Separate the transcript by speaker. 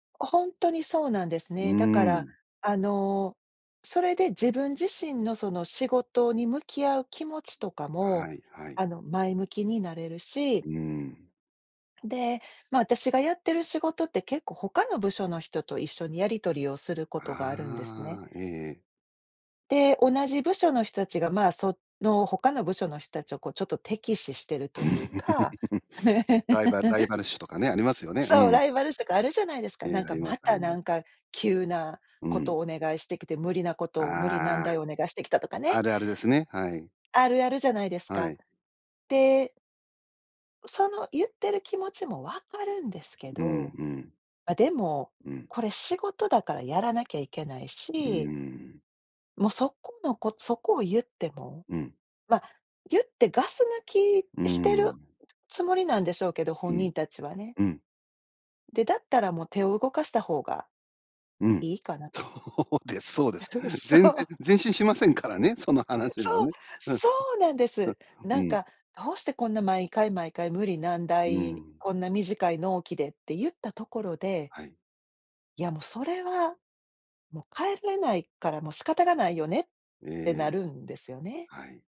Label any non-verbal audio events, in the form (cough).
Speaker 1: ほんとにそうなんです
Speaker 2: うー
Speaker 1: ね。だから、
Speaker 2: ん。
Speaker 1: あの、それで自分自身のその仕事に向き合う気持ちとかも、
Speaker 2: はい、はい。
Speaker 1: あの、前向きになれるし
Speaker 2: うーん。
Speaker 1: で、ま、私がやってる仕事って、結構他の部署の人と一緒にやり取りをすることがあるんですね。
Speaker 2: ああ、ええええ。
Speaker 1: で、同じ部署の人たちが、ま、その他の部署の人たちをこうちょっと敵視してるというか。
Speaker 2: (chuckles) ライバルライ
Speaker 1: (chuckles)
Speaker 2: バル視とかね、ありますよね。
Speaker 1: そう、
Speaker 2: うん。
Speaker 1: ライバル視とかあるじゃないですか。
Speaker 2: え
Speaker 1: な
Speaker 2: え、
Speaker 1: ん
Speaker 2: あ
Speaker 1: か、
Speaker 2: りま
Speaker 1: ま
Speaker 2: すあ
Speaker 1: た、
Speaker 2: りま
Speaker 1: なん
Speaker 2: す。
Speaker 1: か急な
Speaker 2: う
Speaker 1: こと
Speaker 2: ん。
Speaker 1: お願いしてきて、無理なことを、無理難
Speaker 2: あ
Speaker 1: 題
Speaker 2: あ。
Speaker 1: お願いしてきたとか
Speaker 2: あ
Speaker 1: ね。
Speaker 2: るあるですね、はい。
Speaker 1: あるあるじゃないです
Speaker 2: は
Speaker 1: か。
Speaker 2: い。
Speaker 1: でその言ってる気持ちもわかるんですけ
Speaker 2: うん、
Speaker 1: ど、
Speaker 2: うん。
Speaker 1: あ、でも、
Speaker 2: うん。
Speaker 1: これ仕事だからやらなきゃいけない
Speaker 2: うー
Speaker 1: し
Speaker 2: ん。
Speaker 1: もうそこの、こ、そこを言っても、
Speaker 2: うん。
Speaker 1: ま、言ってガス抜
Speaker 2: うー
Speaker 1: きしてる
Speaker 2: ん。
Speaker 1: つもりなんでしょうけど、
Speaker 2: う
Speaker 1: 本
Speaker 2: ん。
Speaker 1: 人たちはね。
Speaker 2: うん。
Speaker 1: で、だったらもう手を動かした方が
Speaker 2: うん。
Speaker 1: いいかなと。
Speaker 2: そうです、そうです。
Speaker 1: (laughs) そ
Speaker 2: 全
Speaker 1: う。
Speaker 2: 然、前進しませんからね、その話は
Speaker 1: そう、
Speaker 2: ね。うん。う、
Speaker 1: そうなんです。
Speaker 2: う
Speaker 1: なん
Speaker 2: ん。
Speaker 1: か、どうしてこんな毎回、毎回、無理難
Speaker 2: う
Speaker 1: 題、
Speaker 2: ん。
Speaker 1: こんな短い納期でって言ったところで
Speaker 2: はい。
Speaker 1: いや、もうそれは、もう変えれないから、もう仕方がないよねっ
Speaker 2: え
Speaker 1: てな
Speaker 2: え、
Speaker 1: るんですよね。
Speaker 2: はい。